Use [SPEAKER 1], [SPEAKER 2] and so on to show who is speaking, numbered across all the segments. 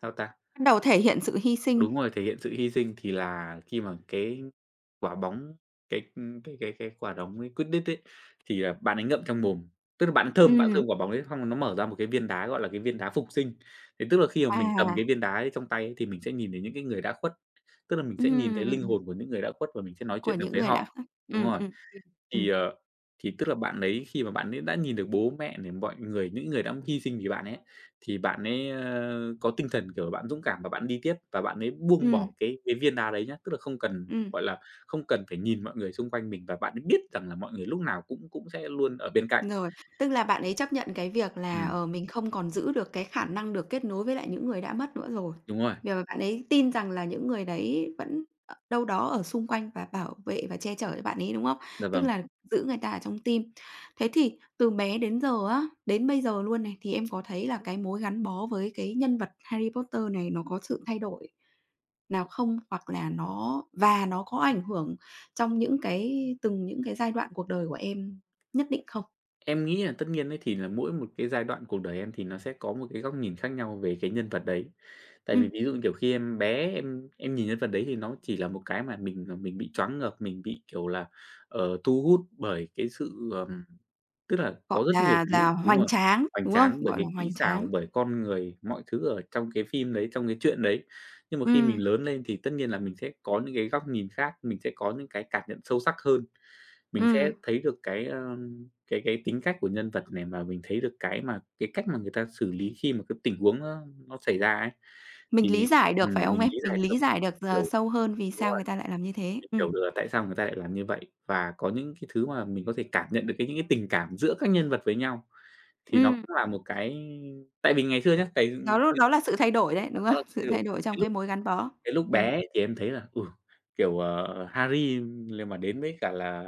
[SPEAKER 1] Sao ta?
[SPEAKER 2] Bắt đầu thể hiện sự hy sinh.
[SPEAKER 1] Đúng rồi, thể hiện sự hy sinh thì là khi mà cái quả bóng cái, ưm, cái cái cái quả đóng ấy Quidditch ấy, thì, à, bạn ấy ngậm trong mồm, tức là bạn ấy thơm, bạn
[SPEAKER 2] Ừm.
[SPEAKER 1] thơm quả bóng ấy xong nó mở ra một cái viên đá, gọi là, cái viên đá phục sinh. Thế tức là khi mà mình cầm cái
[SPEAKER 2] À.
[SPEAKER 1] viên đá ấy trong tay thì mình sẽ nhìn thấy những cái người đã khuất, tức là mình sẽ nhìn thấy linh
[SPEAKER 2] Ừm.
[SPEAKER 1] hồn của những người đã khuất và mình sẽ nói
[SPEAKER 2] Của
[SPEAKER 1] chuyện được
[SPEAKER 2] những
[SPEAKER 1] với
[SPEAKER 2] người đã
[SPEAKER 1] họ.
[SPEAKER 2] khuất,
[SPEAKER 1] Đúng
[SPEAKER 2] ừm, ừm,
[SPEAKER 1] rồi,
[SPEAKER 2] ừm,
[SPEAKER 1] thì,
[SPEAKER 2] ừm.
[SPEAKER 1] ờ, thì tức là bạn ấy khi mà bạn ấy đã nhìn được bố mẹ nè, mọi người, những người đã hy sinh vì bạn ấy, thì bạn ấy, ơ, có tinh thần, kiểu là, bạn dũng cảm và bạn đi tiếp và bạn ấy buông
[SPEAKER 2] Ừm.
[SPEAKER 1] bỏ cái cái viên đá đấy nhá, tức là không cần,
[SPEAKER 2] Ừm.
[SPEAKER 1] gọi là, không cần phải nhìn mọi người xung quanh mình và bạn ấy biết rằng là mọi người lúc nào cũng cũng sẽ luôn ở bên cạnh.
[SPEAKER 2] Rồi, tức là bạn ấy chấp nhận cái việc là,
[SPEAKER 1] Ừm.
[SPEAKER 2] ờ, mình không còn giữ được cái khả năng được kết nối với lại những người đã mất nữa rồi.
[SPEAKER 1] Đúng rồi.
[SPEAKER 2] Vì, ờ, bạn ấy tin rằng là những người đấy vẫn ở đâu đó ở xung quanh và bảo vệ và che chở cho bạn ấy, đúng không?
[SPEAKER 1] Dạ
[SPEAKER 2] Tức
[SPEAKER 1] vầng.
[SPEAKER 2] là giữ người ta ở trong tim. Thế thì từ bé đến giờ á, đến bây giờ luôn này, thì em có thấy là cái mối gắn bó với cái nhân vật Harry Potter này nó có sự thay đổi nào không hoặc là nó và nó có ảnh hưởng trong những cái từng những cái giai đoạn cuộc đời của em nhất định không?
[SPEAKER 1] Em nghĩ là tất nhiên ấy thì nà mỗi một cái giai đoạn cuộc đời em thì nó sẽ có một cái góc nhìn khác nhau về cái nhân vật đấy. Tại vì
[SPEAKER 2] Ừm.
[SPEAKER 1] ví dụ, như kiểu, khi em bé, em em nhìn nhân vật đấy thì nó chỉ là một cái mà mình, ờ, mình bị choáng ngợp, mình bị, kiểu là, ờ, thu hút bởi cái sự ờ, tức là
[SPEAKER 2] Gọi
[SPEAKER 1] có rất nhiều
[SPEAKER 2] là
[SPEAKER 1] thứ
[SPEAKER 2] là
[SPEAKER 1] đúng
[SPEAKER 2] hoành
[SPEAKER 1] rồi,
[SPEAKER 2] tráng,
[SPEAKER 1] hoành
[SPEAKER 2] đúng không?
[SPEAKER 1] tráng bởi
[SPEAKER 2] Gọi là
[SPEAKER 1] cái kỹ
[SPEAKER 2] hoành
[SPEAKER 1] xảo,
[SPEAKER 2] tráng.
[SPEAKER 1] bởi con người, mọi thứ ở trong cái phim đấy, trong cái chuyện đấy. Nhưng mà khi mình
[SPEAKER 2] Ừm.
[SPEAKER 1] lớn lên thì tất nhiên là mình sẽ có những cái góc nhìn khác, mình sẽ có những cái cảm nhận sâu sắc hơn, mình sẽ
[SPEAKER 2] Ừm.
[SPEAKER 1] thấy được cái, ơ, cái cái tính cách của nhân vật này và mình thấy được cái mà cái cách mà người ta xử lý khi mà cái tình huống nó nó xảy ra ấy
[SPEAKER 2] Mình lý
[SPEAKER 1] thì
[SPEAKER 2] giải được
[SPEAKER 1] ừm,
[SPEAKER 2] phải không
[SPEAKER 1] mình
[SPEAKER 2] em?
[SPEAKER 1] lý giải
[SPEAKER 2] Mình
[SPEAKER 1] được,
[SPEAKER 2] lý giải được d
[SPEAKER 1] kiểu
[SPEAKER 2] sâu hơn vì
[SPEAKER 1] đúng
[SPEAKER 2] sao
[SPEAKER 1] rồi,
[SPEAKER 2] người ta lại làm như thế.
[SPEAKER 1] mình
[SPEAKER 2] Ừm.
[SPEAKER 1] hiểu được là tại sao người ta lại làm như vậy. Và có những cái thứ mà mình có thể cảm nhận được cái những cái tình cảm giữa các nhân vật với nhau. Thì nó
[SPEAKER 2] Ừm.
[SPEAKER 1] cũng là một cái tại vì ngày xưa nhá, tại
[SPEAKER 2] Đó l đó
[SPEAKER 1] [unintelligible]
[SPEAKER 2] là sự thay đổi đấy,
[SPEAKER 1] mà
[SPEAKER 2] đúng
[SPEAKER 1] nó
[SPEAKER 2] không?
[SPEAKER 1] là thay
[SPEAKER 2] Sự
[SPEAKER 1] đổi,
[SPEAKER 2] thay đổi
[SPEAKER 1] cái
[SPEAKER 2] trong cái
[SPEAKER 1] lúc
[SPEAKER 2] mối gắn bó.
[SPEAKER 1] cái lúc
[SPEAKER 2] Ừm.
[SPEAKER 1] bé ấy thì em thấy là, ừ, kiểu, à, Harry lên mà đến với cả là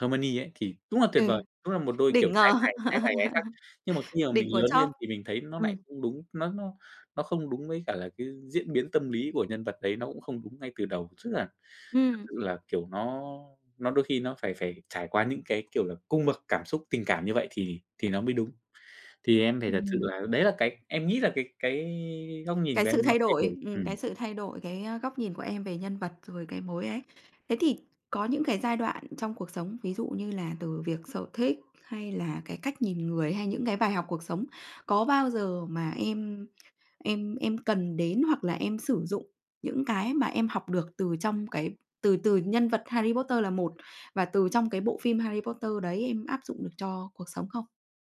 [SPEAKER 1] Hermione ấy thì đúng là tuyệt
[SPEAKER 2] Ừ.
[SPEAKER 1] vời, đúng là một đôi kiểu
[SPEAKER 2] Đỉnh
[SPEAKER 1] trai
[SPEAKER 2] ngờ,
[SPEAKER 1] tài trai tài gái sắc. Nhưng mà khi mà mình
[SPEAKER 2] đỉnh của
[SPEAKER 1] lớn
[SPEAKER 2] chóp.
[SPEAKER 1] lên thì mình thấy nó nại
[SPEAKER 2] Ừm.
[SPEAKER 1] không đúng, nó nó nó không đúng với cả là cái diễn biến tâm lý của nhân vật đấy, nó cũng không đúng ngay từ đầu, tức là thật
[SPEAKER 2] Ừm.
[SPEAKER 1] sự là, kiểu, nó nó đôi khi nó phải phải trải qua những cái, kiểu là, cung bậc cảm xúc, tình cảm như vậy thì thì nó mới đúng. Thì em phải thật sự
[SPEAKER 2] Ừm.
[SPEAKER 1] là đấy là cái em nghĩ là cái cái góc nhìn
[SPEAKER 2] Cái
[SPEAKER 1] của
[SPEAKER 2] sự
[SPEAKER 1] em nó
[SPEAKER 2] thay
[SPEAKER 1] thay
[SPEAKER 2] đổi,
[SPEAKER 1] đổi.
[SPEAKER 2] ừm, cái
[SPEAKER 1] Ừm.
[SPEAKER 2] sự thay đổi, cái, ơ, góc nhìn của em về nhân vật, rồi cái mối ấy. Thế thì có những cái giai đoạn trong cuộc sống, ví dụ như là từ việc sở thích hay là cái cách nhìn người hay những cái bài học cuộc sống. Có bao giờ mà em em em cần đến hoặc là em sử dụng những cái mà em học được từ trong cái từ từ nhân vật Harry Potter là một và từ trong cái bộ phim Harry Potter đấy em áp dụng được cho cuộc sống không?